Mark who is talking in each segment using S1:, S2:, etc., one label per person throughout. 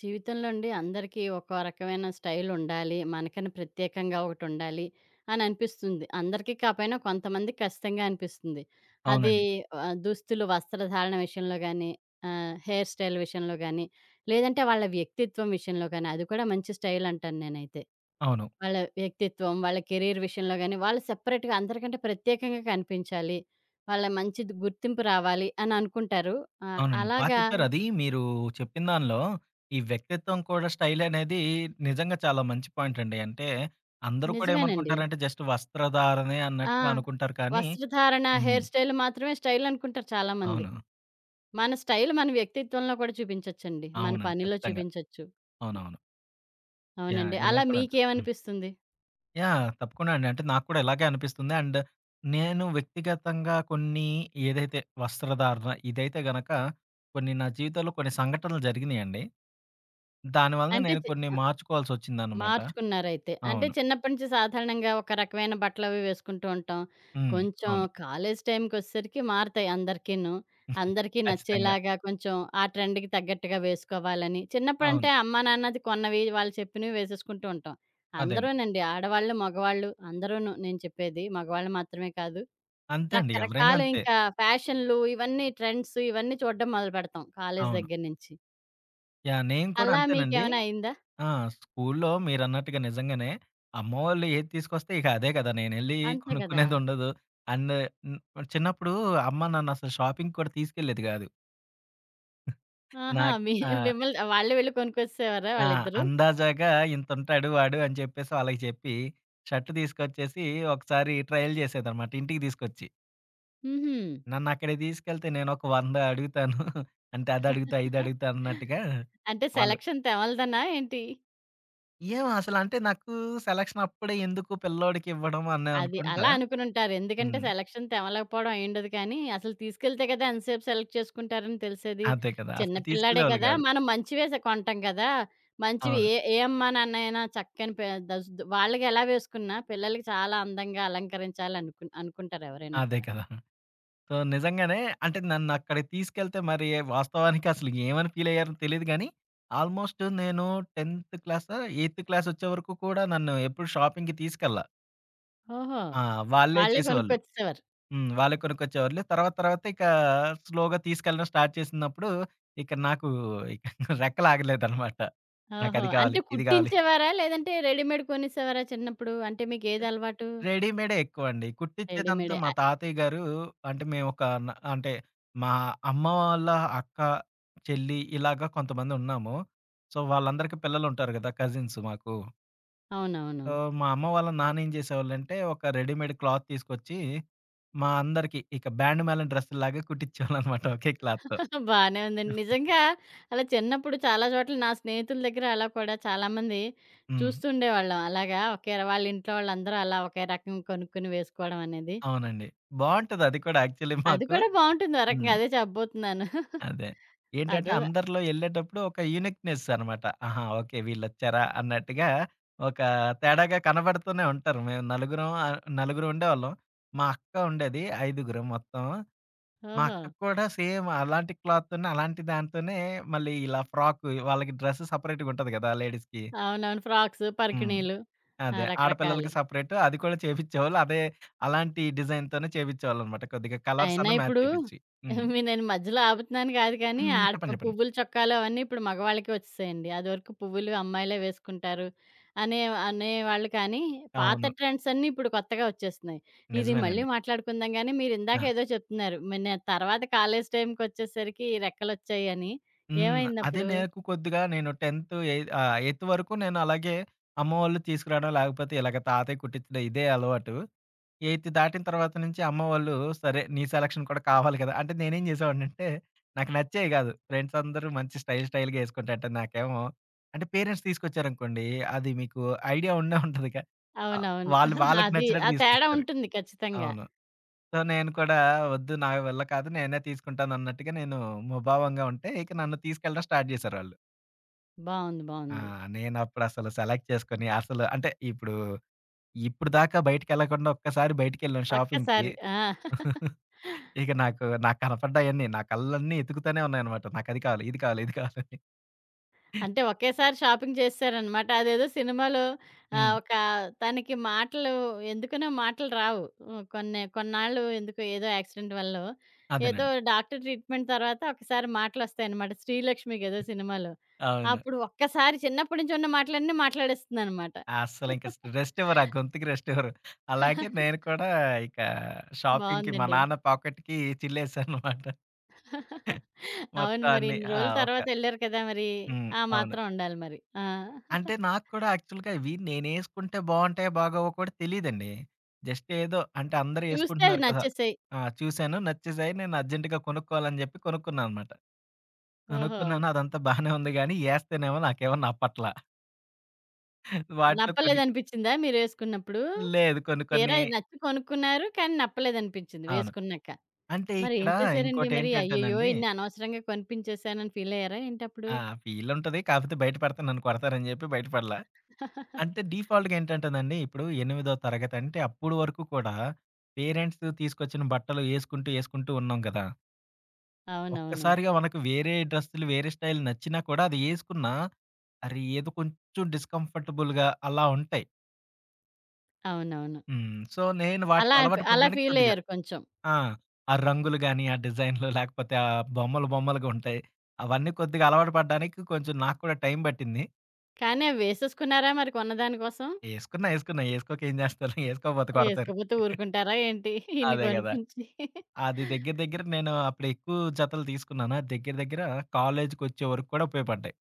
S1: జీవితంలో అండి అందరికీ ఒక్కో రకమైన స్టైలుండాలి. మనకని ప్రత్యేకంగా ఒకటుండాలి అననిపిస్తుంది. అందరికీ కాపోయినా కొంతమంది కచ్చితంగా అనిపిస్తుంది. అది
S2: అవునండి.
S1: ఆ దుస్తులు వస్త్రధారణ విషయంలో గానీ ఆహ్, హెయిర్ స్టైల్ విషయంలో గానీ, లేదంటే వాళ్ళ వ్యక్తిత్వం విషయంలో గానీ అది కూడా మంచి స్టైల్ అంటాను నేనైతే.
S2: అవును.
S1: వాళ్ళ వ్యక్తిత్వం, వాళ్ళ కెరీర్ విషయంలో గాని వాళ్ళు సెపరేట్‌గా అందరికంటే ప్రత్యేకంగా కనిపించాలి. వాళ్ళ మంచిది గుర్తింపు రావాలి అననుకుంటారు. ఆహ్,
S2: అవునండి. బా
S1: అలాగా
S2: చెప్పారు, అది మీరు చెప్పిన దానిలో ఈ వ్యక్తిత్వం కూడా స్టైలనేది నిజంగా చాలా మంచి పాయింట్ అండి. అంటే అందరూ కూడా
S1: నిజమేనండి.
S2: ఏమనుకుంటారంటే జస్ట్ వస్త్రధారణే
S1: ఆ!
S2: అన్నట్టుగా అనుకుంటారు కానీ
S1: వస్త్రధారణ,
S2: హ్మ్.
S1: హెయిర్ స్టైల్ మాత్రమే స్టైలనుకుంటారు చాలామంది.
S2: అవును.
S1: మన స్టైల్ మన వ్యక్తిత్వంలో కూడా చూపించొచ్చండి. మన
S2: అవునండి.
S1: పనిలో
S2: ఖచ్చితంగా.
S1: చూపించొచ్చు. హ్మ్.
S2: అవునవును. యాహ్!
S1: అవునండి.
S2: ఇలా
S1: అలా
S2: కూడా అదు హ్మ్.
S1: మీకేమనిపిస్తుంది?
S2: యాహ్! తప్పకుండా అండి. అంటే నాకు కూడా ఇలాగే అనిపిస్తుంది. అండ్ నేను వ్యక్తిగతంగా కొన్ని ఏదైతే వస్త్రధారణ ఇదైతే గనక కొన్ని నా జీవితంలో కొన్ని సంఘటనలు జరిగినీయండి. దాని వలన
S1: అంటే
S2: నేను
S1: చే
S2: కొన్ని
S1: ఆ
S2: మార్చుకోవాల్సొచ్చిందనమాట.
S1: మార్చుకున్నారైతే. అంటే
S2: అవును.
S1: చిన్నప్పటి నుంచి సాధారణంగా ఒక రకమైన బట్టలవి వేసుకుంటూ ఉంటాం.
S2: హ్మ్.
S1: కొంచెం
S2: అవును.
S1: కాలేజి టైంకొచ్చేసరికి మారుతాయి అందరికీను. అందరికీ
S2: ఖచ్చితంగా.
S1: నచ్చేలాగా కొంచెం ఆ ట్రెండ్‌కి తగ్గట్టుగా వేసుకోవాలని, చిన్నప్పుడంటే
S2: అవును.
S1: అమ్మా నాన్నది కొన్నవి వాళ్ళు చెప్పినవి వేసేసుకుంటూ ఉంటాం.
S2: అదేండి.
S1: అందరూనండి. ఆడవాళ్ళు, మగవాళ్ళు అందరూను, నేను చెప్పేది మగవాళ్ళు మాత్రమే కాదు.
S2: అంతే అండి. ఎవరైనా
S1: రకరకాలు
S2: అంతే.
S1: ఇంకా ఫ్యాషన్లు ఇవన్నీ ట్రెండ్స్ ఇవన్నీ చూడడం మొదలుపెడతాం. కాలేజి
S2: అవును.
S1: దగ్గర నుంచి.
S2: యాహ్! నేను కూడా
S1: అలా
S2: అంతేనండి.
S1: మీకేమైనా అయిందా?
S2: ఆ! స్కూల్లో మీరన్నట్టుగా నిజంగానే. అమ్మ వాళ్ళు ఏది తీసుకొస్తే ఇక అదే కదా! నేనెళ్ళి
S1: అంతే కదా!
S2: కొనుక్కునేదుండదు. అండ్ న్ చిన్నప్పుడు అమ్మ నన్నసలు షాపింగ్ కూడా తీసుకెళ్ళేది కాదు.
S1: ఆహా!
S2: నాక్
S1: మీ
S2: ఆ!
S1: మిమ్మల్ని వాళ్ళే వెళ్ళి కొనుకొచ్చేసెవారా
S2: ఆ!
S1: వాళ్ళిద్దరు?
S2: అందాజాగా ఇంతుంటాడు వాడు అని చెప్పేసి వాళకి చెప్పి. షర్ట్ తీసుకొచ్చేసి ఒకసారి ట్రైల్ చేసేదనమాట ఇంటికి తీసుకొచ్చి.
S1: హుహు.
S2: నన్నక్కడకి తీసుకెళ్తే నేను ఒక వంద అడుగుతాను. అంటే అది అడుగుతా ఇది అడుగుతా అన్నట్టుగా.
S1: అంటే
S2: వాళ్ళు
S1: సెలక్షన్ తెమల్దనా ఏంటి?
S2: ఏమో! అసలు అంటే నాకు సెలక్షన్ అప్పుడే ఎందుకు పిల్లోడికి ఇవ్వడం అని
S1: అది
S2: అనుకుంటా?
S1: అలా అనుకునుంటారు. ఎందుకంటే
S2: హ్మ్.
S1: సెలక్షన్ తెమలకపోవడం ఐయుండదు కానీ, అసలు తీసుకెళ్తే కదా ఎంతసేపు సెలెక్ట్ చేసుకుంటారని తెలిసేది.
S2: అదే కదా!
S1: చిన్న
S2: అసలు
S1: పిల్లాడే
S2: తీసుకెళ్ళేవాళ్ళు
S1: కదా!
S2: కాదు.
S1: మనం మంచివే సే కొంటాం కదా! మంచివి
S2: అవును.
S1: ఏ ఏ అమ్మా నాన్నైనా చక్కని ప ద వాళ్ళకి ఎలా వేసుకున్నా పిల్లలకి చాలా అందంగా అలంకరించాల అనుకు అనుకుంటారు ఎవరైనా
S2: అదే
S1: కూడా.
S2: కదా! సో, నిజంగానే అంటే నన్నక్కడికి తీసుకెళ్తే మరి వాస్తవానికి అసలు ఏమని ఫీల్ అయ్యారో తెలీదు గానీ. ఆల్మోస్టు నేను 10థ్ క్లాసో, ఎయిత్ క్లాస్ వచ్చే వరకు కూడా నన్ను ఎప్పుడు షాపింగ్‌కి తీసుకెళ్ళ.
S1: ఓహో!
S2: ఆ! వాళ్ళే
S1: వాళ్ళే
S2: చేసేవాళ్ళు.
S1: కొనుక్కొచ్చేసేవారు.
S2: హ్మ్. వాళ్ళే కొనుకొచ్చేవాళ్ళు. తర్వాత తర్వాత ఇకా స్లోగా తీసుకెళ్ళడం స్టార్ట్ చేసినప్పుడు, ఇక్కడ నాకు ఇక రెక్కలాగలేదనమాట.
S1: ఓహో!
S2: నాకది
S1: అంటే
S2: కావాలి, ఇది కావాలి.
S1: కుట్టించేవారా? లేదంటే రెడీమేడ్ కొనేసేవారా చిన్నప్పుడు. అంటే
S2: ఏం
S1: మీకేదలవాటు?
S2: రెడీమేడే ఎక్కువండి. కుట్టించేదంతా
S1: రెడీమేడే.
S2: మా
S1: ఆహ్
S2: తాతయ్య గారు అంటే మేము ఒక న అంటే మా అమ్మ వాళ్ళ అక్క, చెల్లి ఇలాగ కొంతమంది ఉన్నాము. సో, వాళ్ళందరికి పిల్లలుంటారు కదా! కజిన్స్ మాకు. సో,
S1: అవునవును.
S2: మా అమ్మ వాళ్ళ నాన్న ఏం చేసేవాళ్ళంటే, ఒక రెడీమేడ్ క్లాత్ తీసుకొచ్చి, మా అందరికి ఇక బ్యాండ్ మాలెం డ్రెస్సులాగా కుట్టించేవాళ్ళనమాట ఒకే క్లాత్‌‌తో.
S1: బానే ఉందండి. నిజంగా అలా చిన్నప్పుడు చాలా చోట్ల నా స్నేహితుల దగ్గర అలా కూడా, చాలామంది
S2: హ్మ్.
S1: చూస్తూ ఉండేవాళ్ళం. అలాగా ఒకే వాళ్లీంట్లో వాళ్ళందరూ అలా ఒకే రకంగా కొనుక్కొని వేసుకోవడం అనేది.
S2: అవునండి. బావుంటది అది కూడా యాక్చువలీ
S1: అది
S2: మాకు.
S1: కూడా బావుంటుంది
S2: హ్మ్.
S1: ఓరకంగా అదే చెప్పబోతున్నాను.
S2: అదే. ఏంటంటే
S1: అదో
S2: అందరిలో యెళ్ళేటప్పుడు ఒక యూనీక్‌నెస్‌ అనమాట. ఆహా! ఓకే వీళ్ళొచ్చార అన్నట్టుగా ఒక తేడాగా కనబడుతూనే ఉంటారు. మేం నలుగురం ఆహ్, నలుగురు ఉండేవాళ్ళం. మా అక్క ఉండేది ఐదుగురం మొత్తం. మా అక్క
S1: ఓహో!
S2: కూడా సేమ్ అలాంటి క్లాత్‌తోనే, అలాంటి దాంతోనే మళ్ళీ ఇలా ఫ్రాకు వాళ్ళకి డ్రెస్ సెపరేట్‌గ ఉంటంది కదా! లేడీస్‌కి.
S1: అవునవును ఫ్రాక్స్,
S2: హ్మ్.
S1: పరికిణీలు. ఆ!
S2: అదే, ఆడపిల్లలకి
S1: రకరకాలు.
S2: సెపరేటు అది కూడా చేపించేవాళ్ళు. అదే అలాంటి డిజైన్‌తోనే చేపించేవాళ్ళనమాట. కొద్దిగా
S1: ఆయినా
S2: కలర్సన్న మ్యాచ్
S1: ఇప్పుడు.
S2: చేపిచ్చి. హ్మ్.
S1: మీ నేను మధ్యలో ఆపుతున్నాను కాదు కానీ,
S2: హ్మ్.
S1: ఆడ
S2: చెప్పండి చెప్పండి.
S1: పువ్వులు చొక్కాలు అవన్నీ ఇప్పుడు మగవాళ్ళకే వచ్చేసాయండి. అదివరకు పువ్వులు అమ్మాయిలే వేసుకుంటారు. అనే అనేవాళ్ళకనీ పాత
S2: అవును.
S1: ట్రెండ్సన్నీ ఇప్పుడు కొత్తగా వచ్చేస్తున్నాయి. ఇది మళ్ళీ
S2: నిజమేనండి.
S1: మాట్లాడుకుందాం గానీ, మీరిందాక
S2: ఆ!
S1: ఏదో చెప్తున్నారు. మన్న తర్వాత కాలేజి టైంకొచ్చేసరికి రెక్కలొచ్చాయని.
S2: హ్మ్. అదే
S1: ఏమైందప్పుడు?
S2: నాకు కొద్దిగా నేను 10థ్ ఏయి ఆహ్, ఎయిత్ వరకు నేనలాగే అమ్మ వళ్ళు తీసుకురావడం లేకపోతే ఇలాగ తాతయ్య కుట్టించడం ఇదే అలవాటు. ఎయిత్ దాటిన తర్వాత నుంచి అమ్మ వాళ్ళు, సరే నీ సెలక్షన్ కూడా కావాలి కదా! అంటే నేనేం చేసావాడినింటే, నాకు నచ్చేయి కాదు. ఫ్రెండ్సందరూ మంచి స్టైల్, స్టైల్‌గా వేసుకుంటంట నాకేమో, అంటే పేరెంట్స్ తీసుకొచ్చారనుకోండి. అది మీకు ఐడియా ఉండే ఉంటదిగా. ఆహ్,
S1: అవునవును.
S2: వాళ్ళు వాళ్ళకి
S1: అది
S2: నచ్చినట్టు
S1: ఆ తేడా
S2: తీసుకొస్తారు.
S1: ఉంటుంది ఖచ్చితంగా.
S2: అవును. సో, నేను కూడా వద్దు నా వల్ల కాదు నేనే తీసుకుంటానన్నట్టుగా నేను ముభావంగా ఉంటే ఇక నన్ను తీసుకెళ్ళడం స్టార్ట్ చేసారాళ్ళు.
S1: బావుంది.
S2: ఆ!
S1: బావుంది.
S2: నేనప్పుడసలు సెలెక్ట్ చేసుకొని అసలు అంటే, ఇప్పుడు ఇప్పుడిదాకా బయటికెళ్ళకుండా ఒక్కసారి బయటికెళ్ళాం షాపింగ్‌కి.
S1: ఒక్కసారి. ఆ!
S2: ఇక నాకు నాకు కనపడ్డాయన్నీ. నా కళ్ళన్నీ ఎతుకుతూనే ఉన్నాయన్నమాట. నాకది కావాలి. ఇది కావాలి. ఇది కావాలని. హ్మ్.
S1: అంటే, ఒకేసారి షాపింగ్ చేసేసారనమాట. అదేదో సినిమాలో ఆహ్,
S2: హ్మ్.
S1: ఒక తనకి మాటలు ఎందుకనో మాటలు రావు. కొన్ని కొన్నాళ్ళు ఎందుకో ఏదో యాక్సిడెంట్ వల్లో. ఏదో
S2: అదేనండి.
S1: డాక్టర్ ట్రీట్మెంట్ తర్వాత ఒకసారి మాటలొస్తాయనమాట. 'శ్రీలక్ష్మి' గదా సినిమాలో.
S2: అవును.
S1: అప్పుడు ఒక్కసారి చిన్నప్పడ్నుంచి ఉన్న మాటలన్నీ మాట్లాడేస్తుందనమాట.
S2: అస్సలింక స్ రెస్టివ్వరా ఆ గొతుకి రెస్టివ్వరు. అలాగే నేను కూడా ఇక షాపింగ్‌కి మా
S1: బావుందండి.
S2: నాన్న పాకెట్‌కి చిల్లేసాననమాట.
S1: అవును
S2: మొత్తం
S1: మరి
S2: అన్ని.
S1: ఇన్ని
S2: ఆ!
S1: రోజులు
S2: ఒక
S1: తర్వాతెళ్లారు కదా మరీ!
S2: హ్మ్.
S1: ఆ
S2: అవును.
S1: మాత్రం ఉండాలి మరి. ఆ!
S2: అంటే నాకు కూడా యాక్చువల్‌గా ఇవి నేనేసుకుంటే బావుంటాయో బాగావో కూడా తెలీదండి. జస్ట్ ఏదో అంటే, అందరూ
S1: చూస్తే అది
S2: ఏసుకుంటున్నారు కదా!
S1: నచ్చేసాయి.
S2: ఆ! చూసాను నచ్చేసాయి నేను అర్జెంట్‌గా కొనుక్కోవాలని జెప్పి కొనుక్కున్నాననమాట.
S1: ఓహో!
S2: కొనుక్కున్నాను. అదంతా బానే ఉంది గానీ, ఏస్తేనేమో నాకేమన్న నప్పట్ల. వాటిలో కొన్ని
S1: నప్పలేదనిపించిందా మీరేసుకున్నప్పుడు?
S2: లేదు. కొన్ని, కొన్ని
S1: తీరా ఇది నచ్చి కొనుక్కున్నారు. కాని, నప్పలేదనిపించింది
S2: అవును.
S1: వేసుకున్నాక.
S2: అంటే
S1: మరి
S2: ఇక్కడ,
S1: ఏం చేశారండి మరి? అయ్యయ్యో!
S2: ఇంకోటేంటంటేనండి
S1: ఇన్ని అనవసరంగా కొనిపించసేనని ఫీలాయ్యారా ఏంటప్పుడు?
S2: ఆ! ఫీలుంటది. కాకపోతే బయట పడతే నన్ను కొడతారని జేప్పి, బయటపడలా. అంటే డీఫాల్ట్‌గేంటంటేనండి, ఇప్పుడు ఎనిమిదో తరగతంటే అప్పుడు వరకు కూడా, పేరెంట్స్ తీసుకొచ్చిన బట్టలు ఏసుకుంటూ, ఏసుకుంటూ ఉన్నాం గదా!
S1: అవునవును.
S2: ఒక్కసారిగా మనకు వేరే డ్రెస్సులు, వేరే స్టైల్ నచ్చినా కూడా, అది ఏసుకున్నా, అరే! ఏదో కొంచెం డిస్కంఫర్టబుల్‌గా అలా ఉంటాయి.
S1: అవునవును.
S2: హ్మ్. సో, నేను వాటిలో
S1: అలాఫ్
S2: అలవాటు
S1: అలా
S2: పడ్డానికి కొద్దిగా
S1: ఫీలయ్యారు కొంచెం.
S2: ఆ! ఆ రంగులు గాని, ఆ డిజైనులు లేకపోతే ఆ బొమ్మలు, బొమ్మలుగుంటాయి. అవన్నీ కొద్దిగా అలవాటు పడడానికి కొంచెం నాకు కూడా టైం బట్టింది.
S1: కాని, అవేసేసుకున్నారా మరి కొన్నదాని కోసం?
S2: ఏసుకున్నా. ఏసుకున్నా. ఏసుకోక ఏం జేస్తారు? ఏసుకోకపోత కొడతారు.
S1: ఏసుకోపోతే ఊరుకుంటారా ఏంటి? ఇన్ని
S2: అదే గదా!
S1: కొనిపించి.
S2: అది దెగ్గర, దెగ్గర నేను అప్పుడు ఎక్కువ జతలు తీసుకున్నాను. దెగ్గర, దెగ్గర కాలేజుకొచ్చే వరకు కూడా ఉపయోపడ్డయి.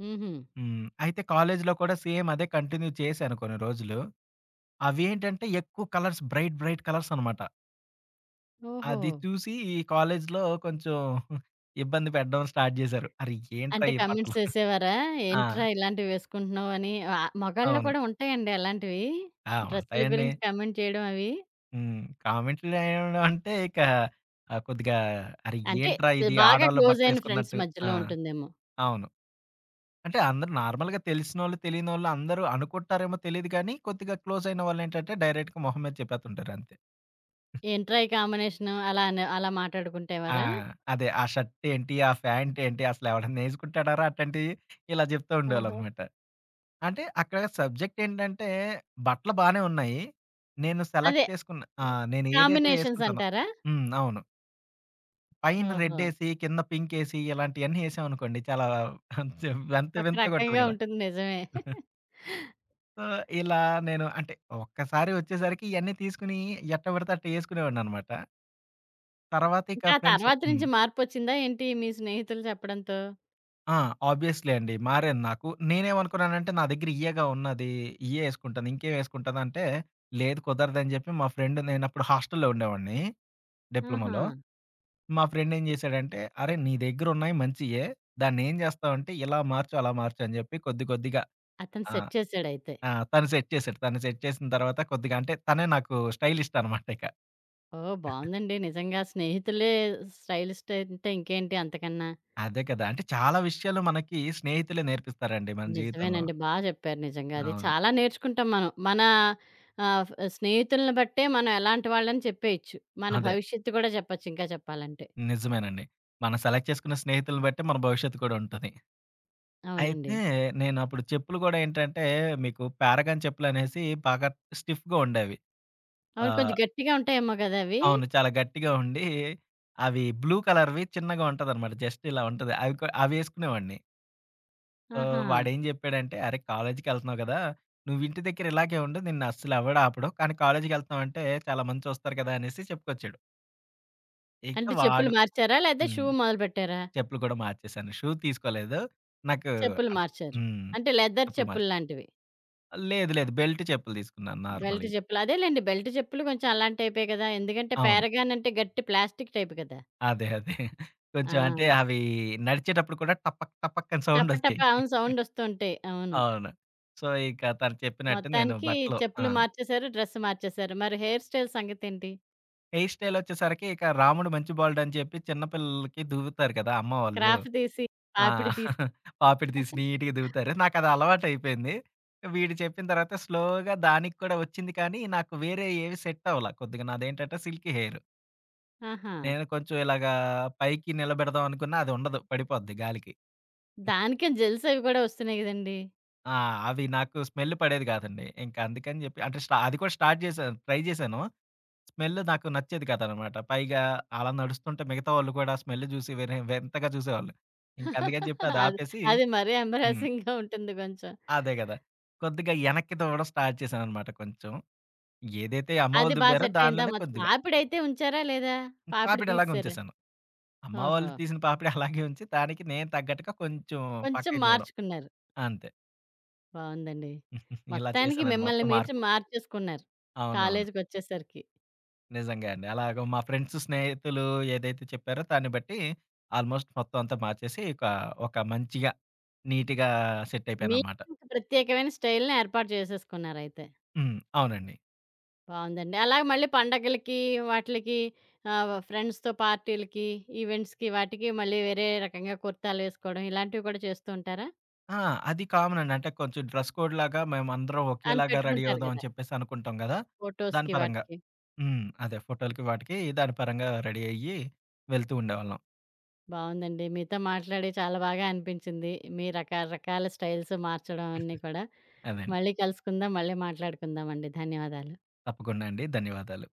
S1: హుహు.
S2: హ్మ్. అయితే కాలేజీలో కూడా సేమ్ అదే కంటిన్యూ చేశాను, కొన్ని రోజులు. అవి ఏంటంటే ఎక్కువ కలర్స్ బ్రైట్, బ్రైట్ కలర్సనమాట.
S1: ఓహో!
S2: అది చూసి ఈ కాలేజ్లో కొంచెం, ఇబ్బంది పెట్టడం స్టార్ట్ చేశారు. అరే! ఏంట్రా
S1: అంటే,
S2: ఈ బట్టలు?
S1: కమెంట్స్ ఏసేవారా?
S2: ఆ!
S1: ఏంట్రా ఇలాంటివేసుకుంటున్నావు అని? ఆ మొగాళ్ళు
S2: అవును.
S1: కూడా ఉంటాయండి అలాంటివి?
S2: ఆ!
S1: డ్రెస్సులు
S2: ఉంటాయండి.
S1: గురించి కమెంట్ చేయడం అవి?
S2: హ్మ్. కామెంట్లు జేయడం అంటే ఇక ఆ! కొద్దిగా అరే!
S1: అంటే,
S2: ఏంట్రా ఇది?
S1: బాగా
S2: ఆడోళ్ళ
S1: క్లోజయిన ఫ్రెండ్స్
S2: బట్టలేసుకున్నట్టు. ఆ!
S1: మధ్యలో ఉంటుందేమో!
S2: అవును. అంటే, అందరూ నార్మల్‌గా తెలిసినోళ్ళు, తెలియనోళ్ళు అందరూ అనుకుంటారేమో తెలీదు కానీ, కొద్దిగా క్లోజయిన వాళ్ళేంటంటే, డైరెక్ట్‌గా మొహం మీద చెప్పేతుంటారు, అంతే.
S1: ఏంట్రా ఈ కాంబినేషను అలా అనే అలా
S2: ఆ!
S1: మాట్లాడుకుంటేవారా?
S2: అదే, ఆ షర్టేంటి, ఆ ఫ్యాంటేంటి? అసలెవడైనా నేసుకుంటాడార అట్టాంటియి? ఇలా
S1: ఆహా!
S2: జెప్తూండేవాళ్ళనమాట. అంటే, అక్కడ సబ్జెక్టేంటంటే బట్టలు బానే ఉన్నాయి. నేను సెలెక్ట్
S1: అదే
S2: చేసుకున్న ఆ!
S1: హ్మ్.
S2: నేను ఏదైతే ఏసుకుంటానో
S1: కాంబినేషన్సంటారా?
S2: హ్మ్. అవును. పైన
S1: ఓహో!
S2: రెడ్డెసి, కింద పింకేసి ఇలాంటియన్నీ ఏసామనుకోండి. చాలా కొంచెం వింత
S1: ఒక
S2: వింతగుంటది
S1: రకంగా
S2: కదా!
S1: ఉంటుంది. నిజమే.
S2: సో, ఇలా నేను అంటే ఒక్కసారి ఒచ్చేసరికి ఇయన్నీ తీసుకొని, ఎట్టపడితే అట్ట ఏసుకునేవాడనినమాట. తర్వాత, ఇక
S1: ఇంకా
S2: ఫ్రెండ్స్
S1: తర్వాత
S2: హ్మ్.
S1: నుంచి, మార్పొచ్చిందా ఏంటి మీ స్నేహితులు చెప్పడంతో?
S2: ఆ! ఆబ్వియస్లీ అండి. మారాను నాకు. నేనేమనుకున్నానంటే నా దెగ్గర ఇయేగా ఉన్నది ఇయ్యే ఏసుకుంటాను. ఇంకేమేసుకుంటానంటే లేదు కుదరదని జెప్పి మా ఫ్రెండ్. నేను అప్పుడు హాస్టల్లో ఉండేవాడిని. డిప్లొమొలో.
S1: ఆహా!
S2: మా ఫ్రెండ్ ఏం జేశాడంటే. "అరే నీ దగ్గర ఉన్నాయి మంచియే. దాన్ని ఏం జేస్తావంటే. ఇలా మార్చు, అలా మార్చు," అని చెప్పి కొద్ది కొద్దిగా.
S1: అతను
S2: ఆ!
S1: సెట్ చేశాడైతే.
S2: ఆ! తను సెట్ చేశాడు. తను సెట్ చేసిన తర్వాత కొద్దిగా అంటే, తనే నాకు స్టైలిస్టనమాట ఇక.
S1: ఓహ్! బావుందండి. నిజంగా స్నేహితులే స్టైలిస్ట్ అయుంటే ఇంకేంటి అంతకన్నా?
S2: అదే కదా! అంటే చాలా విషయాలు మనకి స్నేహితులే నేర్పిస్తారండి మన జీవితంలో.
S1: నిజమేనండి బా జెప్పారు. నిజంగా అది.
S2: అవును.
S1: చాలా నేర్చుకుంటాం మనం. మన ఆహ్, ఫ్ స్నేహితుల్ని బట్టే. మనం ఎలాంటి వాళ్ళని చెప్పేయచ్చు. మన
S2: అదే.
S1: భవిష్యత్తు కూడా చెప్పొచ్చు ఇంకా చెప్పాలంటే.
S2: నిజమేనండి. మనం సెలెక్ట్ చేసుకున్న స్నేహితుల్ని బట్టే. మన భవిష్యత్తు కూడా ఉంటది.
S1: అవునండి.
S2: అయితే నేనప్పుడు చెప్పులు గూడా ఏంటంటే మీకు 'పారగాన్' చెప్పులు అనేసి బాగా స్టిఫ్‌గా ఉండేవి.
S1: అవును. కొంచెం
S2: ఆహ్,
S1: గట్టిగా ఉంటాయేమో గదా! అవి.
S2: అవును. చాలా గట్టిగా ఉండి. అవి బ్లూ కలర్‌వి చిన్నగా ఉంటదనమాట. జస్ట్ ఇలా ఉంటది. అవి కొ అవి వేసుకునేవాడిని. సో,
S1: ఆహా!
S2: వాాడేం జెప్పాడంటే, "అరే కాలేజీకెళ్తున్నావు కదా! నువ్వు ఇంటి దగ్గర ఇలాగే ఉండు, నిన్నస్సలు ఎవడు ఆపడు. కానీ కాలేజీకెళ్తన్నాం అంటే, చాలా మంది చూస్తారు గదా!" అనేసి చెప్పుకొచ్చాడు. ఇక
S1: అంటే, చెప్పులు
S2: వాడు
S1: మార్చారా? లేతే షూ
S2: హ్మ్.
S1: మొదలుపెట్టారా?
S2: చెప్పులు కూడా మార్చేేశాను. షూ తీసుకోలేదు. నాకు
S1: చెప్పులు
S2: అ
S1: మార్చారు.
S2: హ్మ్.
S1: అంటే, లెదర్
S2: చెప్పులు మాచి
S1: చెప్పులు లాంటివి.
S2: లేదు లేదు. బెల్టు చెప్పులు తీసుకున్నాను
S1: బెల్ట్
S2: నార్మలియి.
S1: చెప్పులు. అదేలెండి. బెల్ట్ చేప్పులు కొంచెం అలాంటి టైపే కదా! ఎందుకంటే.
S2: అవును.
S1: పేరగానంటే, గట్టి ప్లాస్టిక్ టైపు గదా!
S2: అదే అదే. కొంచెం అంటే,
S1: ఆ!
S2: అవి నడిచేటప్పుడు కూడా, టపక్ టపక్కని
S1: టప,
S2: సౌండొచ్చేయి.
S1: టపాను సౌండొస్తూంటాయి. అవును.
S2: అవును. సో, ఇక తను చెప్పినట్టు నేను
S1: మొత్తానికి
S2: బట్టలు ఆ!
S1: చెప్పులు మార్చేశారు, డ్రెస్ మార్చేశారు. మరి హెయిర్ స్టైల్ సంగతేంటి?
S2: హెయిర్ స్టైల్ ఒచ్చేసరికి ఇక, రాముడు మంచి బాలుడు అని చెప్పి, చిన్న పిల్లలకి దువ్వుతారు కదా! అమ్మవాళ్ళు.
S1: క్రాఫ్ దీసి,
S2: ఆ!
S1: పాపిడి తీస్
S2: పాపిడి తీసి నీట్‌గా దువ్వుతారు. నాకదలవాటైపోయింది. వీడు చెప్పిన తర్వాత, స్లోగా దానికి కూడా ఒచ్చింది కానీ, నాకు వేరే ఏవి సెట్టవల, కొద్దిగా నాదేంటంటే, సిల్కీ హెయిర్.
S1: ఆహా!
S2: నేను కొంచెం ఇలాగా, పైకి నిలబెడదాం అనుకున్నా, అదుండదు పడిపోద్ది గాలికి.
S1: దానికని జెల్సవి గూడా, ఒస్తున్నాయి కదండి.
S2: ఆ! అవి నాకు స్మెల్ పడేది కాదండి. ఇంకా అందుకని చెప్పి అంటే స్ట అది కూడా స్టార్ట్ చేశా. ట్రై చేశాను. స్మెల్ నాకు నచ్చేది కదనమాట. పైగా అలా నడుస్తుంటే, మిగతా వాళ్ళు కూడా స్మెల్ చూసి వేరే వింతగా చూసేవాళ్ళు. ఇంకందుకని చెప్పి అది
S1: అది
S2: ఆపేసి
S1: అది మరీ
S2: హ్మ్.
S1: అంబ్రైజంగ్‌గా ఉంటుంది కొంచెం.
S2: అదే కదా! కొద్దిగా యెనక్కి దువ్వడం స్టార్ట్ చేశాననమాట కొంచెం. ఏదైతే అమ్మవళ్ళ
S1: అది బా
S2: దువ్వారో
S1: సెట్ అయిందా?
S2: దానిలోనే
S1: మాతో
S2: కొద్దిగా.
S1: పాపిడైతే ఉంచారా లేదా?
S2: హ్మ్.
S1: పాపిడి
S2: పాపిడలాగా
S1: తీససారా?
S2: ఉంచేేశాను. అమ్మ
S1: ఓహో!
S2: వాళ్ళు తీసిన పాపిడి అలాగే ఉంచి. దానికి నేను తగ్గట్టుగా కొంచెం
S1: కొంచెం
S2: పక్కకి దువ్వడం.
S1: మార్చుకున్నారు.
S2: అంతే.
S1: బావుందండి.
S2: ఇలా
S1: మొత్తానికి
S2: చేశానండి.
S1: మిమ్మల్ని
S2: మొత్తం
S1: మీరు
S2: మార్పు.
S1: మార్చేసుకున్నారు.
S2: అవునవును.
S1: కాలేజికొచ్చేసరికి.
S2: నిజంగా అండి. అలాగ మా ఫ్రెండ్స్, స్నేహితులు ఏదైతే చెప్పారో. దాన్ని బట్టి. ఆల్మోస్ట్ మొత్తం అంతా మార్చేసి. ఒకా ఒక మంచిగా. నీట్‌గా సెట్ అయిపోయానన్నమాట.
S1: మీకంటూ ప్రత్యేకమైన స్టైల్‌ని ఏర్పాటు చేసేసుకున్నారయితే.
S2: హ్మ్. అవునండి.
S1: బావుందండి. అలాగే మళ్ళీ పండుగలకి వాటిలకి ఆహ్, ఫ్రెండ్స్‌తో పార్టీలకి, ఈవెంట్స్‌కి, వాటికి మళ్ళీ వేరే రకంగా కుర్తాలు వేసుకోవడం. ఇలాంటివి కూడా చేస్తూ ఉంటారా?
S2: ఆ! అది కామన్ అండి. అంటే, కొంచెం డ్రెస్ కోడ్ లాగా. మేమందరం
S1: అని
S2: ఒకేలాగా రెడీ
S1: పెట్టుకుంటారు
S2: అవుదాం. అని
S1: కదా!
S2: చెప్పేసి అనుకుంటాం కదా! దాని
S1: ఫోటోస్‌కి
S2: పరంగా.
S1: వాటికి.
S2: హ్మ్. అదే ఫోటోలకి వాటికి దాని పరంగా రెడీ అయ్యి. వెళ్తూ ఉండేవాళ్ళం.
S1: బావుందండి. మీతో మాట్లాడి చాలా బాగా అనిపించింది. మీ రక రకాల స్టైల్స్ మార్చడం అన్నీ కూడా.
S2: అదండి.
S1: మళ్ళీ కలుసుకుందాం. మళ్ళీ మాట్లాడుకుందామండి. ధన్యవాదాలు.
S2: తప్పకుండా అండి. ధన్యవాదాలు.